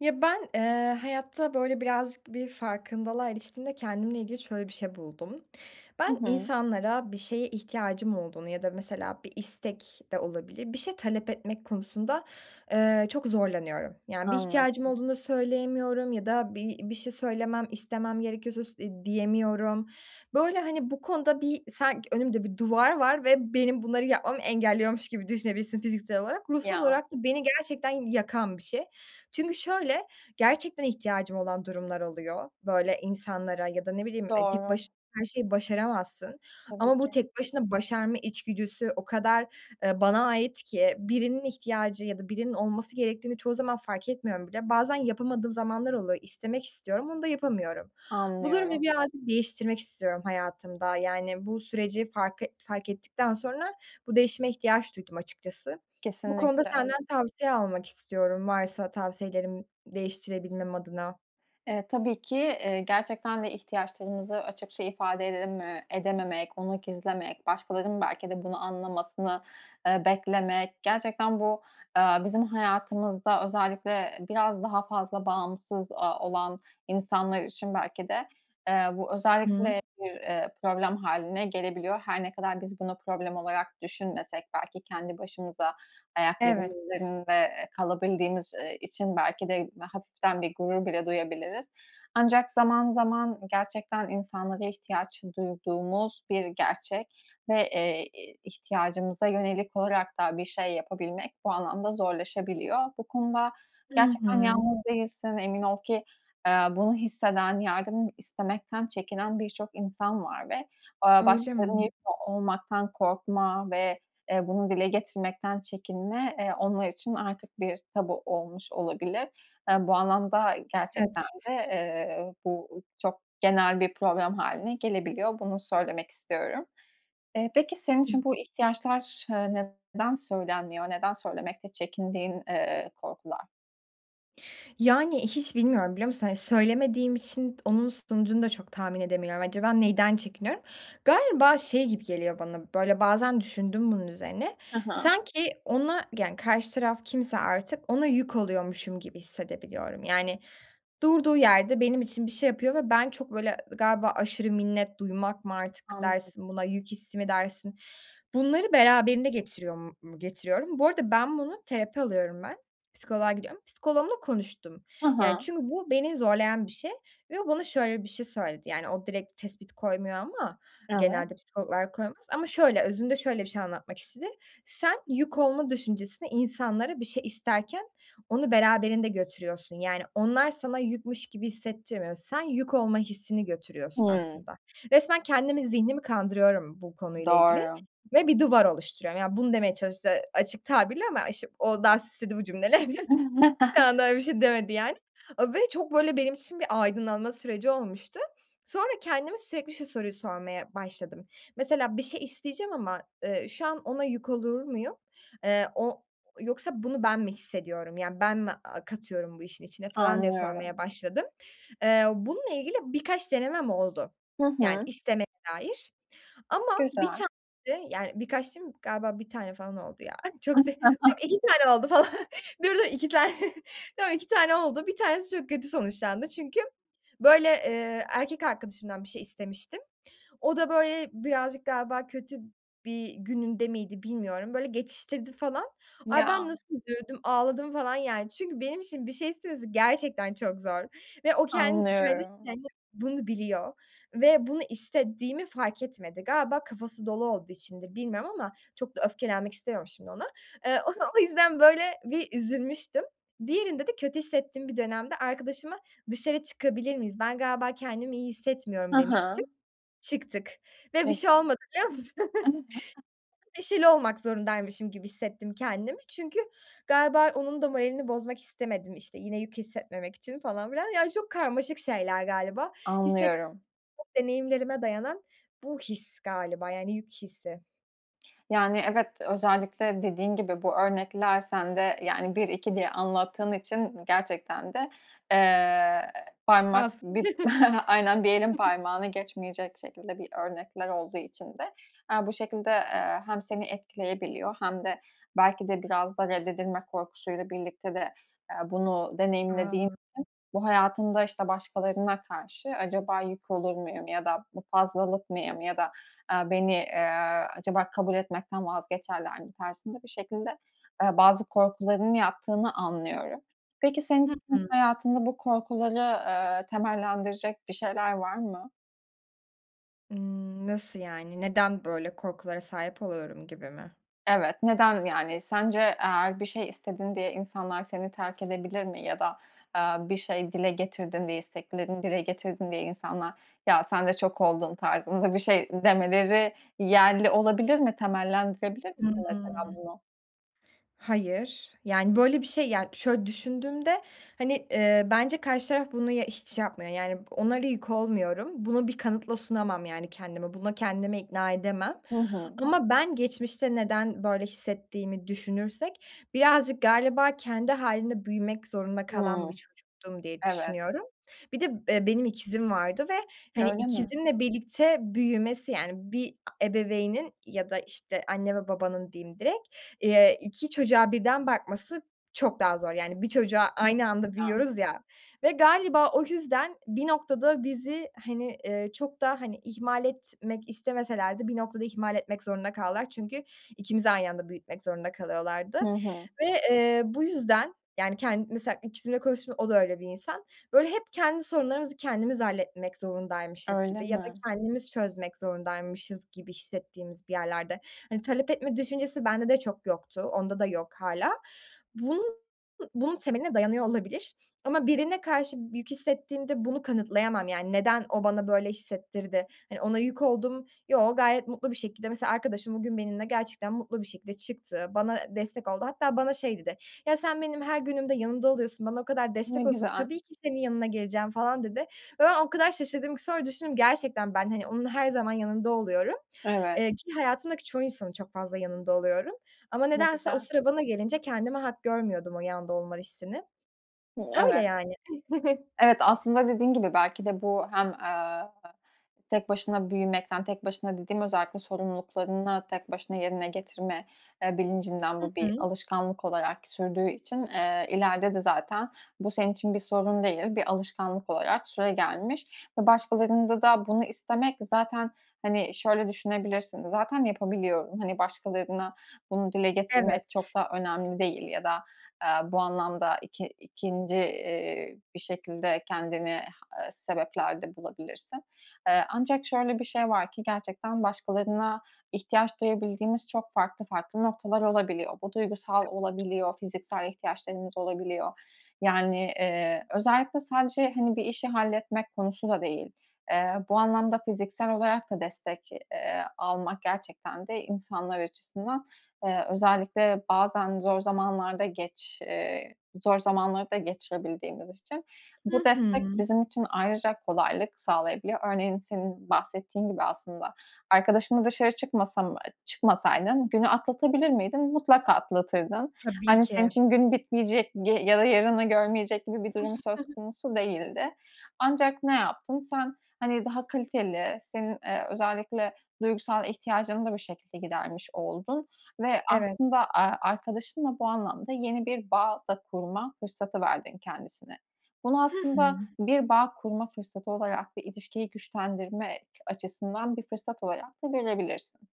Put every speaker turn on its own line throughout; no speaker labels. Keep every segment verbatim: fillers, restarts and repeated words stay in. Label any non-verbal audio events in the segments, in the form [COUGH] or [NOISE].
Ya, ben, eee, hayatta, böyle, birazcık bir farkındalığa eriştiğimde kendimle ilgili şöyle bir şey buldum. Ben
Hı hı.
insanlara bir şeye ihtiyacım olduğunu ya da mesela bir istek de olabilir, bir şey talep etmek konusunda, eee, çok zorlanıyorum. Yani, bir ihtiyacım
Anladım.
olduğunda söyleyemiyorum ya da bir bir şey söylemem, istemem gerekiyorsa s eee, diyemiyorum. Böyle, hani, bu konuda bir sanki önümde bir duvar var ve benim bunları yapmamı engelliyormuş gibi düşünebilirsin fiziksel olarak. Ruhsal
Ya.
olarak da beni gerçekten yakan bir şey çünkü şöyle, gerçekten ihtiyacım olan durumlar oluyor, böyle, insanlara ya da ne bileyim, e, tek
Doğru.
baş her şeyi başaramazsın.
Tabii
Ama bu
ki.
tek başına başarma içgüdüsü o kadar, eee, bana ait ki birinin ihtiyacı ya da birinin olması gerektiğini çoğu zaman fark etmiyorum bile. Bazen yapamadığım zamanlar oluyor, istemek istiyorum, onu da yapamıyorum. Bu durumu
Anlıyorum.
birazcık değiştirmek istiyorum hayatımda, yani, bu süreci fark et fark ettikten sonra bu değişime ihtiyaç duydum açıkçası. Bu konuda
Kesinlikle.
senden tavsiye almak istiyorum, varsa tavsiyelerin değiştirebilmem adına.
Eee, tabii ki. Eee, gerçekten de ihtiyaçlarımızı açıkça ifade edememe edememek, onu gizlemek, başkalarının belki de bunu anlamasını, eee, beklemek, gerçekten bu, aaa, bizim hayatımızda özellikle biraz daha fazla bağımsız, aaa, olan insanlar için belki de, eee, bu
Hı.
özellikle bir, eee, problem hâline gelebiliyor. Her ne kadar biz bunu problem olarak düşünmesek, belki, kendi başımıza,
Evet.
ayaklarımızın üzerinde, eee, kalabildiğimiz, eee, için belki de hafiften bir gurur bile duyabiliriz. Ancak zaman, zaman gerçekten insanlara ihtiyaç duyduğumuz bir gerçek ve, eee, eee, ihtiyacımıza yönelik olarak da bir şey yapabilmek bu anlamda zorlaşabiliyor. Bu konuda
Hı
gerçekten
hı.
yalnız değilsin, emin ol ki, eee, bunu hisseden, yardım istemekten çekinen birçok insan var. Ve, aaa,
Öyle
başkalarına yük
mi?
olmaktan korkma ve, eee, bunu dile getirmekten çekinme, eee, onlar için artık bir tabu olmuş olabilir. Eee, bu anlamda gerçekten
Evet.
de, eee, bu çok genel bir problem hâline gelebiliyor. Bunu söylemek istiyorum. Eee, peki, senin
Hı.
için bu ihtiyaçlar, eee, neden söylenmiyor? Neden söylemekte çekindiğin, eee, korkular?
Yani, hiç bilmiyorum biliyor musun? Hani, söylemediğim için onun sonucunu da çok tahmin edemiyorum. Acaba neden çekiniyorum? Galiba şey gibi geliyor bana, böyle, bazen düşündüm bunun üzerine,
He he.
sanki ona, yani, karşı taraf kimse artık ona yük oluyormuşum gibi hissedebiliyorum. Yani durduğu yerde benim için bir şey yapıyor ve ben çok böyle, galiba aşırı minnet duymak mı artık
Anladım.
dersin buna yük hissi mi dersin? Bunları beraberinde getiriyor m mu getiriyorum. Bu arada ben bunu Terapi alıyorum ben. Psikoloğa gidiyorum. Psikoloğumla konuştum.
Ha
Yani,
ha.
çünkü bu beni zorlayan bir şey ve o bana şöyle bir şey söyledi. Yani, o direkt tespit koymuyor ama
Evet.
genelde psikologlar koymaz. Ama şöyle, özünde şöyle bir şey anlatmak istedi. Sen yük olma düşüncesini, insanlara bir şey isterken onu beraberinde götürüyorsun. Yani, onlar sana yükmüş gibi hissettirmiyor. Sen yük olma hissini götürüyorsun
Hımm.
aslında. Resmen kendimi zihnimi kandırıyorum bu konuyla ilgili
Doğru.
ve bir duvar oluşturuyorum. Yani, bunu demeye çalıştı açık tabirle ama işte o daha süsledi bu cümlelerini. Bir anda
[CHUCKLES]
öyle bir şey demedi yani, ııı, ve çok böyle benim için bir aydınlanma süreci olmuştu. Sonra kendime sürekli şu soruyu sormaya başladım. "Mesela bir şey isteyeceğim ama, eee, şu an ona yük olur muyum? Eee, o yoksa bunu ben mi hissediyorum? Yani, ben mi, a katıyorum bu işin içine" falan diye sormaya
Anlıyorum.
başladım. Eee, bununla ilgili birkaç denemem oldu,
Hı
yani
hı.
istemeye dair. Ama bir
Güzel.
tane de, yani, birkaç diyeyim galiba bir tane falan oldu ya çok da yok
[CHUCKLES]
iki tane oldu falan. Dur, dur iki tane tamam, iki tane oldu bir tanesi çok kötü sonuçlandı. Çünkü böyle, eee, erkek arkadaşımdan bir şey istemiştim. O da, böyle, birazcık galiba kötü bir gününde miydi bilmiyorum? Böyle geçiştirdi falan. Ay, ben
Ya.
nasıl üzüldüm, ağladım falan yani. Çünkü benim için bir şey istemesi gerçekten çok zor ve o ken kendisi
Anlıyorum.
kendi bunu biliyor ve bunu istediğimi fark etmedi. Galiba kafası dolu olduğu içindi, bilmiyorum ama çok da öfkelenmek istemiyorum şimdi ona. Eee, onu o yüzden böyle bir üzülmüştüm. Diğerinde de kötü hissettiğim bir dönemde arkadaşıma dışarı çıkabilir miyiz? Ben galiba kendimi iyi
He
hissetmiyorum
he.
demiştim. Çıktık ve bir
Ne
şey
güzel.
olmadı biliyor musun?
[UNINTELLIGIBLE]
Neşeli olmak zorundaymışım gibi hissettim kendimi. Çünkü galiba onun da moralini bozmak istemedim, işte, yine yük hissetmemek için falan filan, yani çok karmaşık şeyler galiba. Hisset
Anlıyorum.
deneyimlerime dayanan bu his galiba, yani yük hissi.
Yani, evet özellikle dediğin gibi, bu örnekler sende, yani, bir, iki diye anlattığın için gerçekten de, eee, parmak
Has.
bir [CHUCKLES] aynen, bir elin
[CHUCKLES]
parmağını geçmeyecek şekilde bir örnekler olduğu için de, eee, bu şekilde, eee, hem seni etkileyebiliyor hem de belki de, biraz da reddedilme korkusuyla birlikte de, eee, bunu deneyimlediğin için,
A.
bu hayatında, işte, "Başkalarına karşı acaba yük olur muyum?" ya da bu "Fazlalık mıyım?" ya da, aaa, "Beni, aaa, acaba kabul etmekten vazgeçerler mi?" tarzında bir şekilde, ııı, bazı korkularının yattığını anlıyorum. Peki, senin
Hı
için
hı.
hayatında bu korkuları, aaa, temellendirecek bir şeyler var mı?
Iıı, nasıl yani? Neden böyle korkulara sahip oluyorum gibi mi?
Evet. Neden, yani, sence eğer bir şey istedin diye insanlar seni terk edebilir mi ya da, aaa, bir şey dile getirdin diye, isteklerini dile getirdin diye insanlar, "Ya, sen de çok oldun!" tarzında bir şey demeleri yerli olabilir mi? Temellendirebilir misin
Hıı.
mesela bunu?
Hayır. Yani, böyle bir şey, yani, şöyle düşündüğümde, hani, eee, bence karşı taraf bunu y hiç yapmıyor, yani, onlara yük olmuyorum. Bunu bir kanıtla sunamam yani kendime. Buna kendimi ikna edemem
Hı hı.
ama ben geçmişte neden böyle hissettiğimi düşünürsek birazcık galiba kendi hâlinde büyümek zorunda kalan bir
Hıı.
çocuktum diye
Evet.
düşünüyorum. Bir de, eee, benim ikizim vardı ve, hani,
Öyle mi?
ikizimle birlikte büyümesi, yani, bir ebeveynin ya da, işte, anne ve babanın diyeyim direkt, eee, iki çocuğa birden bakması çok daha zor, yani bir çocuğa aynı anda
[UNINTELLIGIBLE]
büyüyoruz, ya, ve galiba o yüzden bir noktada bizi, hani, eee, çok da, hani, ihmal etmek istemeseler de bir noktada ihmal etmek zorunda kaldılar. Çünkü ikimizi aynı anda büyütmek zorunda kalıyorlardı.
Hı hı.
Ve, eee, bu yüzden, yani, kend mesela, ikizimle konuştum, o da öyle bir insan, böyle, hep kendi sorunlarımızı kendimiz halletmek zorundaymışız
Öyle
gibi ya da
mi?
kendimiz çözmek zorundaymışız gibi hissettiğimiz bir yerlerde. Hani, talep etme düşüncesi bende de çok yoktu. Onda da yok hâlâ. Bun bunun temeline dayanıyor olabilir. Ama birine karşı b yük hissettiğimde bunu kanıtlayamam. Yani, neden o bana böyle hissettirdi, hani, ona yük oldum, yoo gayet mutlu bir şekilde. Mesela arkadaşım bugün benimle gerçekten mutlu bir şekilde çıktı, bana destek oldu. Hatta bana şey dedi, "Ya, sen benim her günümde yanımda oluyorsun, bana o kadar
Ne
destek oluyorsun,
güzel.
tabii ki senin yanına geleceğim." falan dedi. Ve ben o kadar şaşırdım ki, sonra düşündüm, gerçekten ben, hani, onun her zaman yanında oluyorum,
Evet.
eee, ki hayatımdaki çoğu insanın çok fazla yanında oluyorum. Ama
Ne
nedense o
güzel.
sıra bana gelince kendime hak görmüyordum o yanda olma hissini.
Hı, evet.
Böyley ani. [CHUCKLES]
Evet, aslında dediğin gibi belki de bu hem, aaa, tek başına büyümekten, tek başına dediğim özellikle sorumluluklarını tek başına yerine getirme, eee, bilincinden
Hı
bu bir
hı.
alışkanlık olarak sürdüğü için, ııı, ileride de zaten bu senin için bir sorun değil, bir alışkanlık olarak süregelmiş ve başkalarında da bunu istemek, zaten, hani, şöyle düşünebilirsin, zaten yapabiliyorum, hani, başkalarına bunu dile
Evet.
getirmek çok da önemli değil ya da, aaa, bu anlamda iki ikinci, iii, bir şekilde kendini h sebepler de bulabilirsin. Eee, ancak şöyle bir şey var ki, gerçekten başkalarına ihtiyaç duyabildiğimiz çok farklı farklı noktalar olabiliyor. Bu duygusal
[UNINTELLIGIBLE]
olabiliyor, fiziksel ihtiyaçlarımız olabiliyor. Yani, eee, özellikle sadece, hani, bir işi halletmek konusu da değil. Eee, bu anlamda fiziksel olarak da destek, eee, almak gerçekten de insanlar açısından, eee, özellikle bazen zor zamanlarda geç eee, zor zamanlarda geçirebildiğimiz için, bu
Hı
destek
hı.
bizim için ayrıca kolaylık sağlayabiliyor. Örneğin, senin bahsettiğin gibi aslında, arkadaşınla dışarı çıkmasam eee, çıkmasaydın günü atlatabilir miydin? Mutlaka atlatırdın.
Tabii
Hani, senin
ki.
için gün bitmeyecek g ya da yarını görmeyecek gibi bir durum söz
[CHUCKLES]
konusu değildi. Ancak ne yaptın? Sen, hani, daha kaliteli, senin, eee, özellikle duygusal ihtiyacını da bu şekilde gidermiş oldun ve
Evet.
aslında, aaa, arkadaşınla bu anlamda yeni bir bağ da kurma fırsatı verdin kendisine. Bunu
Hı hı.
aslında bir bağ kurma fırsatı olarak, bir ilişkiyi güçlendirme ç açısından bir fırsat olarak da görebilirsin.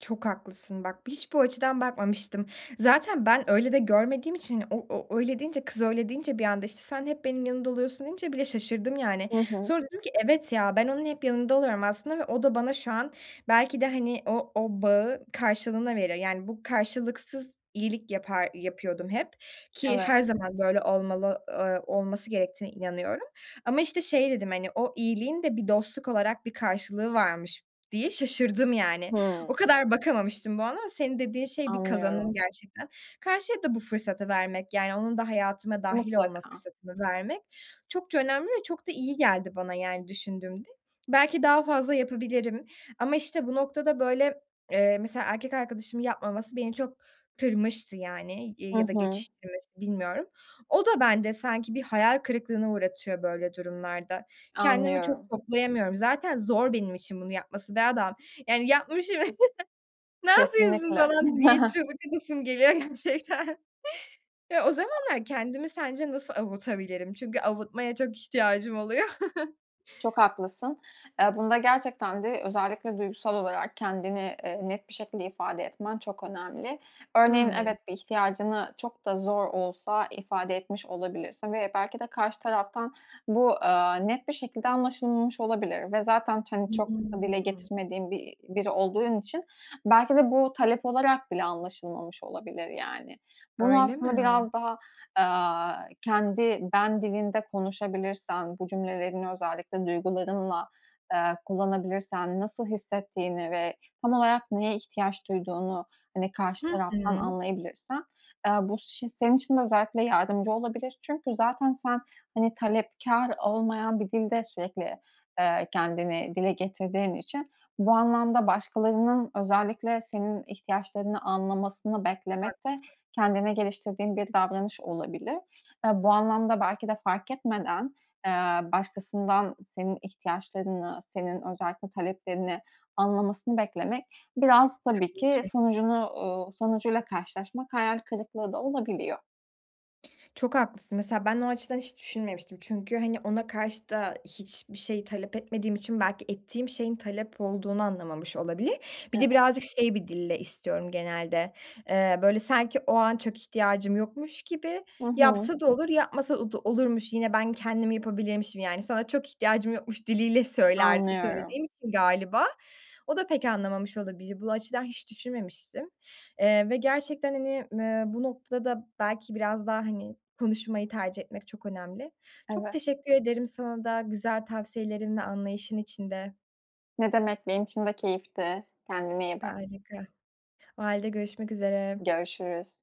Çok haklısın bak. Hiç bu açıdan bakmamıştım. Zaten ben öyle de görmediğim için, hani, o o öyle deyince, kız öyle deyince, bir anda, işte, "Sen hep benim yanımda oluyorsun" deyince bile şaşırdım, yani.
Hı hı.
Sonra dedim ki, "Evet ya, ben onun hep yanında oluyorum aslında ve o da bana şu an belki de, hani, o o bağı karşılığında veriyor." Yani, bu karşılıksız iyilik yapar yapıyordum hep. Ki her
Evet.
zaman böyle olmalı, eee, olması gerektiğine inanıyorum. Ama, işte, şey dedim, hani, "O iyiliğin de bir dostluk olarak bir karşılığı varmış." diye şaşırdım, yani. O
Hıı.
kadar bakamamıştım bu ama senin dediğin şey bir kazanım
Anlıyorum.
gerçekten. Karşıya da bu fırsatı vermek, yani, onun da hayatıma dâhil olma
Mutlaka.
fırsatını vermek çokça önemli ve çok da iyi geldi bana, yani, düşündüğümde. Belki daha fazla yapabilirim. Ama, işte, bu noktada böyle, eee, mesela erkek arkadaşımın yapmaması beni çok kırmıştı yani. İii,
Hı
ya da
hı.
geçiştirmesi, bilmiyorum. O da bende sanki bir hayal kırıklığına uğratıyor böyle durumlarda. Kendimi çok
Anlıyorum.
toplayamıyorum. Zaten zor benim için bunu yapması be adam! Yani yapmışım! [CHUCKLES] Ne yapıyorsun?
Kesinlikle.
falan diye
[CHUCKLES]
çığlık atasım geliyor gerçekten. Ya, o zamanlar kendimi sence nasıl avutabilirim? Çünkü avutmaya çok ihtiyacım oluyor. [CHUCKLES]
Çok haklısın. Eee, bunda gerçekten de özellikle duygusal olarak kendini, eee, net bir şekilde ifade etmen çok önemli. Örneğin,
Hıı.
evet, bir ihtiyacını çok da zor olsa ifade etmiş olabilirsin. Ve belki de karşı taraftan bu, aaa, net bir şekilde anlaşılmamış olabilir. Ve zaten, hani, çok da dile
[UNINTELLIGIBLE]
getirmediğin bi biri olduğun için belki de bu talep olarak bile anlaşılmamış olabilir, yani. Bunu
Öyle mi?
aslında biraz daha, aaa, kendi "ben" dilinde konuşabilirsen, bu cümlelerini özellikle duygularınla, eee, kullanabilirsen, nasıl hissettiğini ve tam olarak neye ihtiyaç duyduğunu, hani, karşı
Hı
taraftan
hı.
anlayabilirsen, eee, bu ş senin için de özellikle yardımcı olabilir. Çünkü zaten sen, hani, talepkâr olmayan bir dilde sürekli, eee, kendini dile getirdiğin için bu anlamda başkalarının özellikle senin ihtiyaçlarını anlamasını beklemek de
Haklısın.
kendine geliştirdiğin bir davranış olabilir. Eee, bu anlamda belki de farketmeden, eee, başkasından senin ihtiyaçlarını, senin özellikle taleplerini anlamasını beklemek biraz tabii
Tabii
ki
ki.
sonucunu, uuu, sonucuyla karşılaşmak hayal kırıklığı da olabiliyor.
Çok haklısın. Mesela ben o açıdan hiç düşünmemiştim. Çünkü, hani, ona karşı da hiçbir şey talep etmediğim için belki ettiğim şeyin talep olduğunu anlamamış olabilir. Bir
Evet.
de birazcık şey bir dille istiyorum genelde, eee, böyle, sanki o an çok ihtiyacım yokmuş gibi
Hı hı.
yapsa da olur yapmasa da olurmuş, yine ben kendim yapabilirmişim, yani, sana çok ihtiyacım yokmuş diliyle söyler
Anlıyorum.
söylediğim için galiba, o da pek anlamamış olabilir. Bu açıdan hiç düşünmemiştim. Eee, ve gerçekten hani, eee, bu noktada belki biraz daha, hani, konuşmayı tercih etmek çok önemli. Çok
Eve
teşekkür ederim sana da güzel tavsiyelerin ve anlayışın için de.
Ne demek, benim için de keyifti. Kendine iyi bak.
Harika! O hâlde görüşmek üzere.
Görüşürüz.